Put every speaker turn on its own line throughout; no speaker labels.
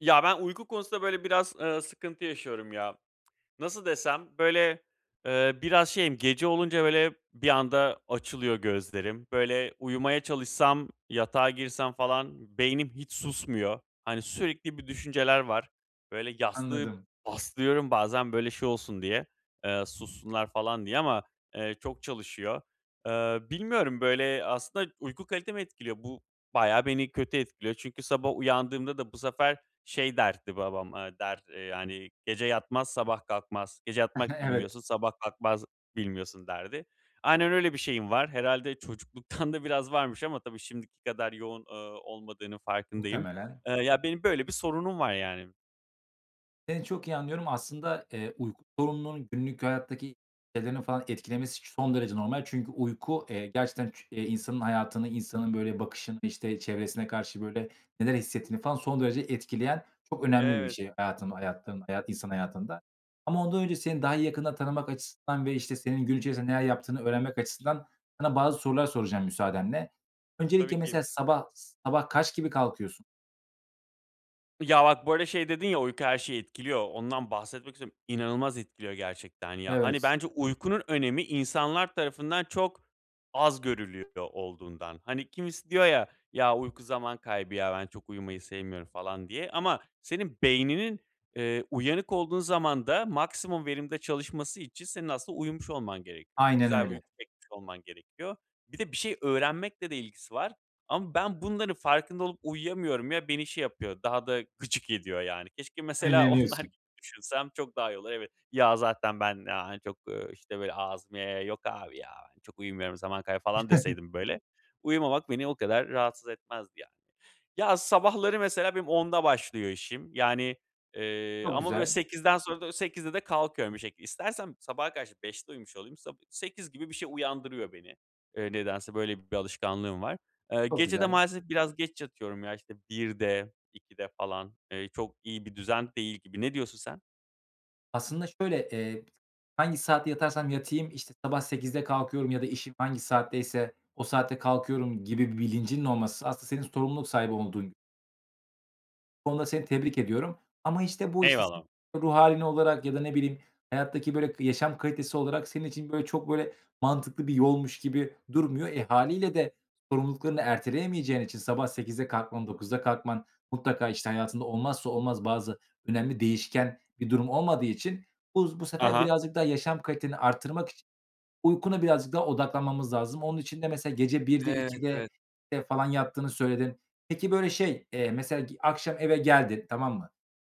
Ya, ben uyku konusunda böyle biraz, eee, sıkıntı yaşıyorum ya. Nasıl desem? Böyle, eee, biraz şeyim, gece olunca böyle bir anda açılıyor gözlerim. Böyle, uyumaya çalışsam, yatağa girsem falan beynim hiç susmuyor. Hani sürekli bir düşünceler var. Böyle yastığı
Anladım.
bastırıyorum bazen, böyle, şey olsun diye, eee, sussunlar falan diye ama, eee, çok çalışıyor. Eee, bilmiyorum, böyle, aslında uyku kalitemi etkiliyor. Bu bayağı beni kötü etkiliyor çünkü sabah uyandığımda da bu sefer şey derdi babam, eee, der, eee, yani, "Gece yatmaz, sabah kalkmaz. Gece yatmak
Evet.
bilmiyorsun, sabah kalkmak bilmiyorsun." derdi. Aynen öyle bir şeyim var. Herhâlde çocukluktan da biraz varmış ama tabii şimdiki kadar yoğun, eee, olmadığının farkındayım.
Muhtemelen.
Eee, ya, benim böyle bir sorunum var yani.
Seni çok iyi anlıyorum. Aslında, eee, uyku sorununun günlük hayattaki şeylerini falan etkilemesi son derece normal çünkü uyku, eee, gerçekten çu insanın hayatını, insanın böyle bakışını, işte, çevresine karşı böyle neler hissettiğini falan son derece etkileyen çok önemli bir bir
Evet.
şey hayatın hayatın hayat insan hayatında ama ondan önce seni daha yakından tanımak açısından ve, işte, senin gün içinde neler yaptığını öğrenmek açısından sana bazı sorular soracağım müsaadenle.
Tabii
Öncelikle mesela
ki.
sabah sabah kaç gibi kalkıyorsun?
Ya, bak, bu arada şey dedin ya, "Uyku her şeyi etkiliyor." Ondan bahsetmek istiyorum. İnanılmaz etkiliyor gerçekten ya. Hani,
Evet.
bence uykunun önemi insanlar tarafından çok az görülüyor olduğundan. Hani, kimisi diyor ya, "Ya, uyku zaman kaybı ya. Ben, çok uyumayı sevmiyorum." falan diye. Ama senin beyninin, eee, uyanık olduğun zamanda maksimum verimde çalışması için senin aslında uyumuş olman gerekiyor.
Aynen
Güzel bir
öyle.
uyku çekmiş olman gerekiyor. Bir de bir şey öğrenmekle de ilgisi var ama ben bunların farkında olup uyuyamıyorum ya, beni şey yapıyor, daha da gıcık ediyor yani. Keşke mesela onlar gibi
[unintelligible]
düşünsem çok daha iyi olur. Evet "Ya, zaten ben, aaa, hani çok" ııı, işte, böyle ağzımı yaya yaya, "Yok, abi ya, ben çok uyumuyorum, zaman kaybı." falan deseydim böyle, uyumamak beni o kadar rahatsız etmezdi yani. Ya, sabahları mesela benim 10'da başlıyor işim. Yani, eee,
Çok
ama, böyle,
güzel.
8'den sonra da 8'de de kalkıyorum bir şekilde. İstersem sabaha karşı 5'te uyumuş olayım. Sabi 8 gibi bir şey uyandırıyor beni, eee, nedense böyle bir alışkanlığım var. Eee,
Çok
gece de
güzel.
maalesef biraz geç yatıyorum ya, işte, 1'de, 2'de falan, eee, çok iyi bir düzen değil gibi. Ne diyorsun sen?
Aslında şöyle, eee, hangi saat yatarsam yatayım, işte, sabah 08.00'de kalkıyorum ya da işim hangi saatteyse o saatte kalkıyorum gibi bir bilincinin olması aslında senin sorumluluk sahibi olduğun [unintelligible] Bu konuda seni tebrik ediyorum ama, işte, bu, işte, senin
Eyvallah.
ruh hâlin olarak ya da, ne bileyim, hayattaki, böyle, k yaşam kalitesi olarak senin için, böyle, çok, böyle, mantıklı bir yolmuş gibi durmuyor. E, hâliyle de sorumluluklarını erteleyemeyeceğin için sabah 08.00'de kalkman, 09.00'da kalkman mutlaka, işte, hayatında olmazsa olmaz bazı önemli değişken bir durum olmadığı için bu bu
Ha
sefer
ha.
birazcık daha yaşam kaliteni arttırmak için uykuna birazcık daha odaklanmamız lazım. Onun için de mesela gece 01.00'de,
Evet,
02.00'de,
evet.
eee, falan yattığını söyledin. Peki, böyle, şey, eee, mesela, ge akşam eve geldin, tamam mı?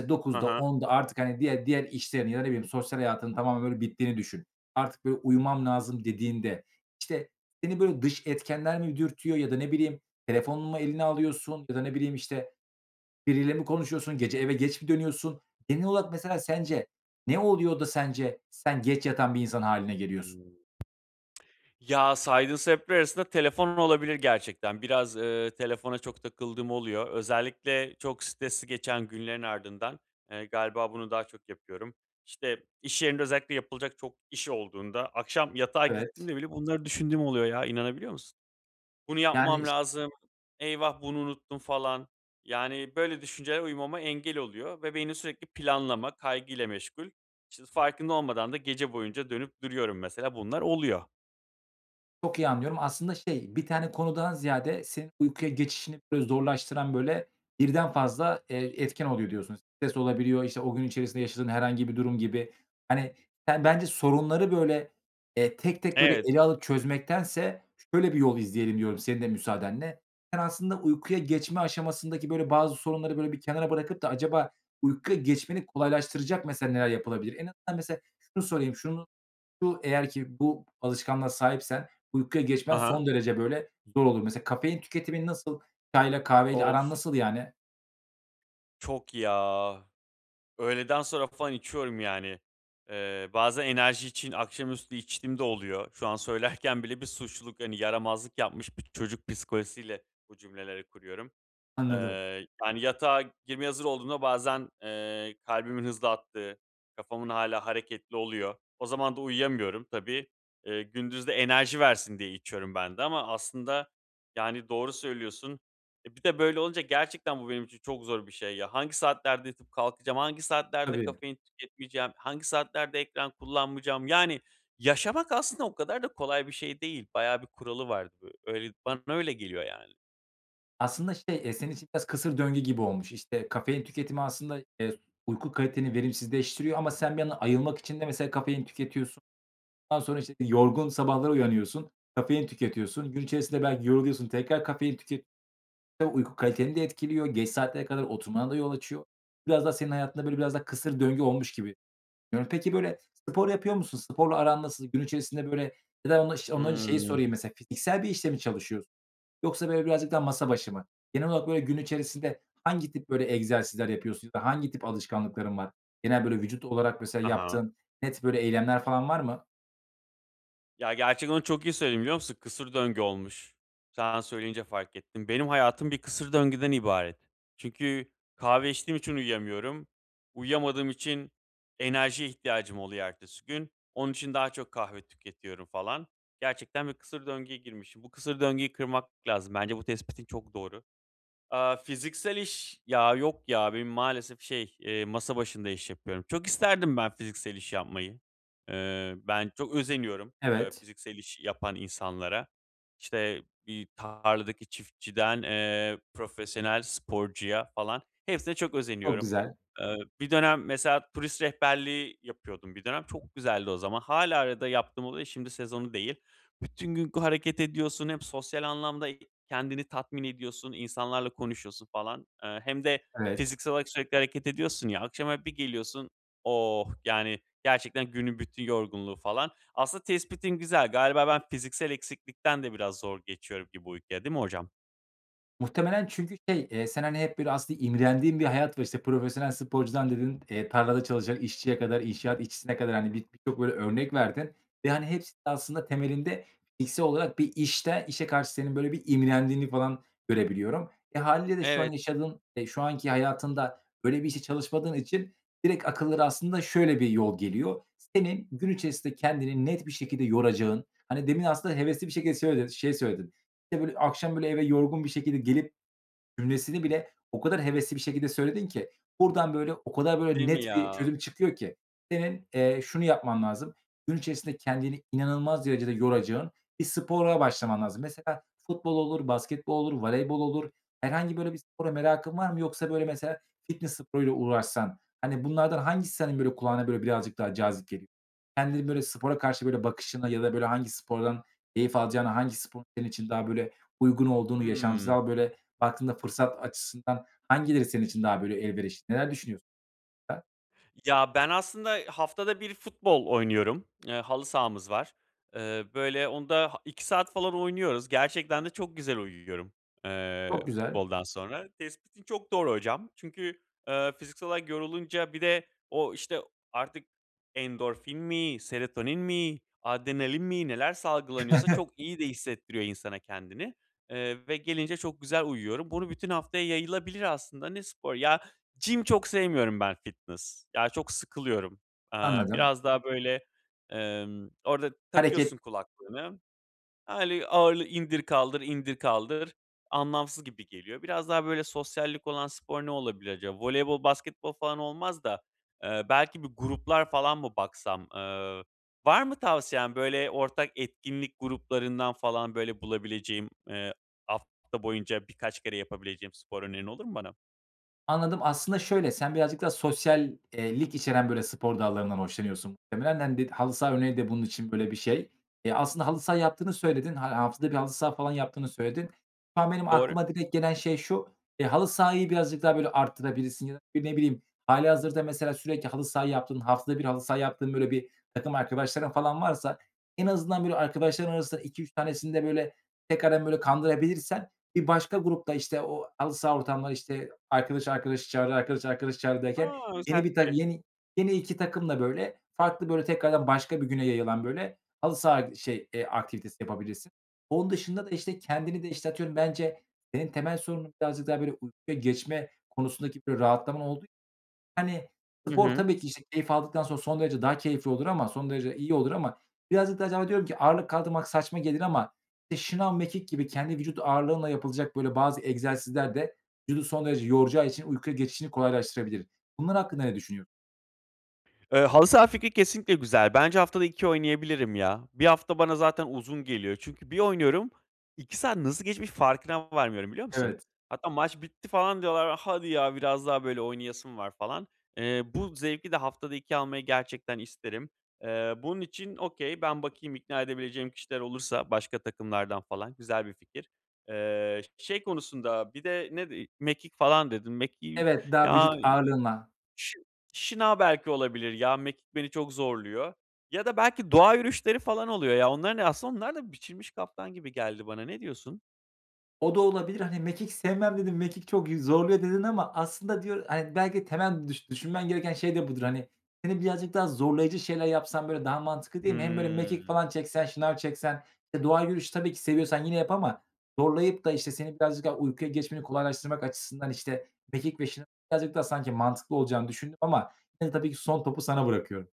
E,
Hı
21.00'de
hı.
22.00'de artık, hani diğer diğer işlerini ya, ne bileyim, sosyal hayatının tamamen öyle bittiğini düşün. Artık, böyle, "Uyumam lazım," dediğinde, işte, seni, böyle, dış etkenler mi dürtüyor ya da, ne bileyim, telefonunu mu eline alıyorsun ya da, ne bileyim, işte, biriyle mi konuşuyorsun? Gece eve geç mi dönüyorsun? Genel olarak, mesela, sence ne oluyor da sence sen geç yatan bir insan hâline geliyorsun?
Hımm. Ya, saydığın sebepler arasında telefon olabilir gerçekten. Biraz, ııı, telefona çok takıldığım oluyor. Özellikle çok stresli geçen günlerin ardından, eee, galiba bunu daha çok yapıyorum. İşte, iş yerinde özellikle yapılacak çok iş olduğunda, akşam yatağa
Evet.
gittiğimde bile bunları düşündüğüm oluyor ya. İnanabiliyor musun? "Bunu
Yani,
yapmam
iş
lazım. Eyvah, bunu unuttum falan." Yani, böyle düşünceler uyumama engel oluyor ve beynim sürekli planlama, kaygıyla meşgul. İşte, farkında olmadan da gece boyunca dönüp duruyorum, mesela. Bunlar oluyor.
Çok iyi anlıyorum. Aslında şey bir tane konudan ziyade senin uykuya geçişini, böyle, zorlaştıran, böyle, birden fazla, eee, etken oluyor diyorsun. Stres olabiliyor. İşte, o gün içerisinde yaşadığın herhangi bir durum gibi. Hani, sen bence sorunları, böyle, eee, tek tek böyle
Evet.
ele alıp çözmektense şöyle bir yol izleyelim diyorum senin de müsaadenle. Sen aslında uykuya geçme aşamasındaki, böyle, bazı sorunları böyle bir kenara bırakıp da acaba uykuya geçmeni kolaylaştıracak mesela neler yapılabilir? En azından mesela şunu sorayım. Şunu şu eğer ki bu alışkanlığa sahipsen uykuya
Hı
geçmen son
hı.
derece böyle zor olur. Mesela kafein tüketiminin nasıl? Çayla kahveyle
Of!
aran nasıl yani?
Çok ya. Öğleden sonra falan içiyorum, yani. Eee, bazen enerji için akşamüstü içtiğim de oluyor. Şu an söylerken bile bir suçluluk, hani, yaramazlık yapmış bir çocuk psikolojisiyle bu cümleleri kuruyorum.
Anladım.
Eee, yani, yatağa girmeye hazır olduğumda bazen, eee, kalbimin hızlı attığı, kafamın hâlâ hareketli oluyor. O zaman da uyuyamıyorum tabii. Eee, gündüz de enerji versin diye içiyorum ben de ama aslında, yani, doğru söylüyorsun. E, bir de böyle olunca gerçekten bu benim için çok zor bir şey ya. Hangi saatlerde yatıp kalkacağım? Hangi saatlerde
Tabii.
kafein tüketmeyeceğim? Hangi saatlerde ekran kullanmayacağım? Yani, yaşamak aslında o kadar da kolay bir şey değil. Bayağı bir kuralı var öyle bana öyle geliyor, yani.
Aslında şey, eee, senin için biraz kısır döngü gibi olmuş. İşte, kafein tüketimi aslında, eee, uyku kaliteni verimsizleştiriyor ama sen bir yandan ayılmak için de mesela kafein tüketiyorsun. Ondan sonra, işte, yorgun sabahlara uyanıyorsun, kafein tüketiyorsun. Gün içerisinde belki yoruluyorsun, tekrar kafein tüket [unintelligible] Uyku kaliteni de etkiliyor. Geç saatlere kadar oturmana da yol açıyor. Biraz da senin hayatında böyle biraz da kısır döngü olmuş gibi. [unintelligible] peki, böyle, spor yapıyor musun? Sporla aran nasıl? Gün içerisinde, böyle Ya da ondan şe önce ondan önce şeyi
Hıı.
sorayım, mesela, fiziksel bir işte mi çalışıyorsun yoksa, böyle, birazcık daha masa başı mı? Genel olarak, böyle, gün içerisinde hangi tip, böyle, egzersizler yapıyorsun ya da hangi tip alışkanlıkların var? Genel, böyle, vücut olarak mesela
I hı.
yaptığın net böyle eylemler falan var mı?
Ya, gerçekten onu çok iyi söyledin, biliyor musun? Kısır döngü olmuş. Sen söyleyince fark ettim. Benim hayatım bir kısır döngüden ibaret. Çünkü kahve içtiğim için uyuyamıyorum. Uyuyamadığım için enerjiye ihtiyacım oluyor ertesi gün. Onun için daha çok kahve tüketiyorum falan. Gerçekten bir kısır döngüye girmişim. Bu kısır döngüyü kırmak lazım. Bence bu tespitin çok doğru. Aaa, fiziksel iş, ya yok ya, benim maalesef şey, eee, masa başında iş yapıyorum. Çok isterdim ben fiziksel iş yapmayı. Eee, ben çok özeniyorum, eee,
Evet.
fiziksel iş yapan insanlara. İşte, bir tarladaki çiftçiden, eee, profesyonel sporcuya falan hepsine çok
Çok
özeniyorum.
güzel.
Eee, bir dönem mesela turist rehberliği yapıyordum bir dönem. Çok güzeldi o zaman. Hâlâ arada yaptığım oluyor, şimdi sezonu değil. Bütün gün g hareket ediyorsun. Hem sosyal anlamda, eee, kendini tatmin ediyorsun. İnsanlarla konuşuyorsun falan. Eee, hem de
Evet.
fiziksel olarak sürekli hareket ediyorsun ya. Akşam eve bir geliyorsun, oh! Yani, gerçekten günün bütün yorgunluğu falan. Aslında tespitin güzel. Galiba ben, fiziksel eksiklikten de biraz zor geçiyorum gibi uykuya, değil mi hocam?
Muhtemelen çünkü şey, eee, sen, hani, hep, böyle, aslında imrendiğin bir hayat var, işte, profesyonel sporcudan dedin, eee, tarlada çalışan işçiye kadar, inşaat işçisine kadar, hani, bi bi birçok böyle örnek verdin ve, hani, hepsi de aslında temelinde fiziksel olarak bir işte işe karşı senin böyle bir imrendiğini falan görebiliyorum. E, hâliyle de şu an
Evet.
yaşadığın, eee, şu anki hayatında böyle bir işte çalışmadığın için direkt akıllara aslında şöyle bir yol geliyor; senin gün içerisinde kendini net bir şekilde yoracağın, hani, demin aslında hevesli bir şekilde söyle şeyi söyledin, işte, böyle, "Akşam böyle eve yorgun bir şekilde gelip." cümlesini bile o kadar hevesli bir şekilde söyledin ki buradan, böyle, o kadar böyle
Değil mi
net bir
ya?
çözüm çıkıyor ki. Senin, eee, şunu yapman lazım. Gün içerisinde kendini inanılmaz derecede yoracağın bir spora başlaman lazım. Mesela futbol olur, basketbol olur, voleybol olur herhangi böyle bir spora merakın var mı yoksa, böyle, mesela fitness sporuyla uğraşsan, hani, bunlardan hangisi senin, böyle, kulağına, böyle, birazcık daha cazip geliyor? Kendinin, böyle, spora karşı, böyle, bakışına ya da, böyle, hangi spordan keyif alacağına, hangi sporun senin için daha böyle uygun olduğunu,
Hımm.
yaşamsal böyle baktığında fırsat açısından hangileri senin için daha, böyle, elverişli? Neler düşünüyorsun? [unintelligible]
Ya, ben aslında haftada 1 futbol oynuyorum. Eee, halı sahamız var. Eee, böyle, onda ha 2 saat falan oynuyoruz. Gerçekten de çok güzel uyuyorum, eee,
Çok güzel.
futboldan sonra. Tespitin çok doğru hocam. Çünkü, eee, fiziksel olarak yorulunca, bir de o, işte, artık endorfin mi, serotonin mi, adrenalin mi neler salgılanıyorsa, çok iyi de hissettiriyor insana kendini. Eee, ve gelince çok güzel uyuyorum. Bunu bütün haftaya yayılabilir aslında. Ne spor? Ya, gym çok sevmiyorum ben, fitness. Ya, çok sıkılıyorum. Iıı,
Anladım.
biraz daha, böyle, ımm, orada
Hareket
takıyorsun kulaklığını, öyle ağırlığı indir kaldır, indir kaldır. Anlamsız gibi geliyor. Biraz daha, böyle, sosyallik olan spor ne olabilir acaba? Voleybol, basketbol falan olmaz da, eee, belki bir gruplar falan mı baksam? Iıı, var mı tavsiyen? Böyle, ortak etkinlik gruplarından falan, böyle, bulabileceğim, eee, hafta boyunca birkaç kere yapabileceğim spor önerin olur mu bana?
Anladım. Aslında şöyle sen birazcık daha sosyal eee, lik içeren, böyle, spor dallarından hoşlanıyorsun muhtemelen. Hani, dedi halı saha örneği de bunun için böyle bir şey. Eee, aslında halı saha yaptığını söyledin. Ha haftada 1 halı saha falan yaptığını söyledin. Şu an benim
Doğru.
aklıma direkt gelen şey şu: Eee, halı sahayı birazcık daha, böyle, arttırabilirsin ya da, bir, ne bileyim, hâlihazırda mesela sürekli halı saha yaptığın, haftada 1 halı saha yaptığın, böyle, bir takım arkadaşların falan varsa, en azından, böyle, arkadaşların arasında 2-3 tanesini de, böyle, tekrardan, böyle, kandırabilirsen, bir başka grup da, işte, o halı saha ortamları, işte, arkadaş arkadaşı çağırır, arkadaş arkadaşı çağırır derken,
A!
yeni
Güzel
bir ta
fikir.
yeni yeni 2 takımla, böyle, farklı, böyle, tekrardan başka bir güne yayılan, böyle, halı saha, şey eee, aktivitesi yapabilirsin. Onun dışında da, işte, kendini de, işte, atıyorum, bence senin temel sorunun birazcık daha, böyle, uykuya geçme konusundaki bir rahatlama olduğu için, hani,
Hı
spor
hı.
tabii ki, işte, keyif aldıktan sonra son derece daha keyifli olur ama, son derece iyi olur ama birazcık da acaba diyorum ki ağırlık kaldırmak saçma gelir ama, işte, şınav, mekik gibi kendi vücut ağırlığınla yapılacak böyle bazı egzersizler de vücudu son derece yoracağı için uykuya geçişini kolaylaştırabilir. Bunlar hakkında ne düşünüyor
Iıı, halı saha fikri kesinlikle güzel. Bence haftada 2 oynayabilirim ya. 1 hafta bana zaten uzun geliyor. Çünkü bir oynuyorum, 2 saat nasıl geçmiş farkına varmıyorum, biliyor musun?
Evet.
Hatta, "Maç bitti." falan diyorlar. "Hadi ya, biraz daha böyle oynayasım var." falan. Iıı, bu zevki de haftada 2 almayı gerçekten isterim. Iıı, bunun için okay ben bakayım ikna edebileceğim kişiler olursa başka takımlardan falan, güzel bir fikir. Eee, ş şey konusunda bir de ne dedik? Mekik falan dedin. Mekiği
Evet, daha
ya,
vücut
ııı,
ağırlığınla.
şınav belki olabilir ya, mekik beni çok zorluyor. Ya da belki doğa yürüyüşleri falan oluyor ya, onların aslında onlar da biçilmiş kaftan gibi geldi bana. Ne diyorsun?
O da olabilir. Hani, "Mekik sevmem." dedin. "Mekik çok yü zorluyor." dedin ama aslında diyo hani, belki de temel düşün düşünmen gereken şey de budur, hani. Seni birazcık daha zorlayıcı şeyler yapsan böyle daha mantıklı değil mi? Hem böyle mekik
Hıı.
falan çeksen, şınav çeksen? E, doğa yürüyüşü tabii ki seviyorsan yine yap ama zorlayıp da, işte, seni birazcık daha uykuya geçmeni kolaylaştırmak açısından, işte, mekik ve şınavın birazcık daha mantıklı olacağını düşündüm ama yine tabii ki son topu sana bırakıyorum.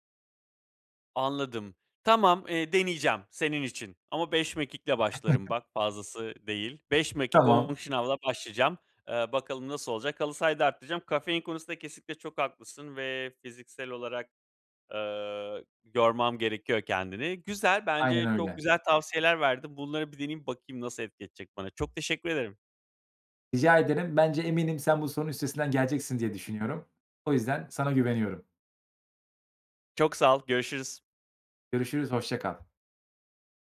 Anladım. Tamam. Iıı, deneyeceğim senin için ama 5 mekikle başlarım bak fazlası değil. 5 mekik 10
Tamam.
şınavla başlayacağım. Eee, bakalım nasıl olacak? Halı sahayı da arttıracağım. Kafein konusunda kesinlikle çok haklısın ve fiziksel olarak, ııı, yormam gerekiyor kendimi. Güzel.
Aynen
Bence çok
öyle.
güzel tavsiyeler verdin. Bunları bir deneyeyim. Bakayım nasıl etkileyecek edecek bana? Çok teşekkür ederim.
Rica ederim. Bence eminim sen bu sorunun üstesinden geleceksin diye düşünüyorum. O yüzden sana güveniyorum.
Çok sağ ol. Görüşürüz.
Görüşürüz, hoşça kal.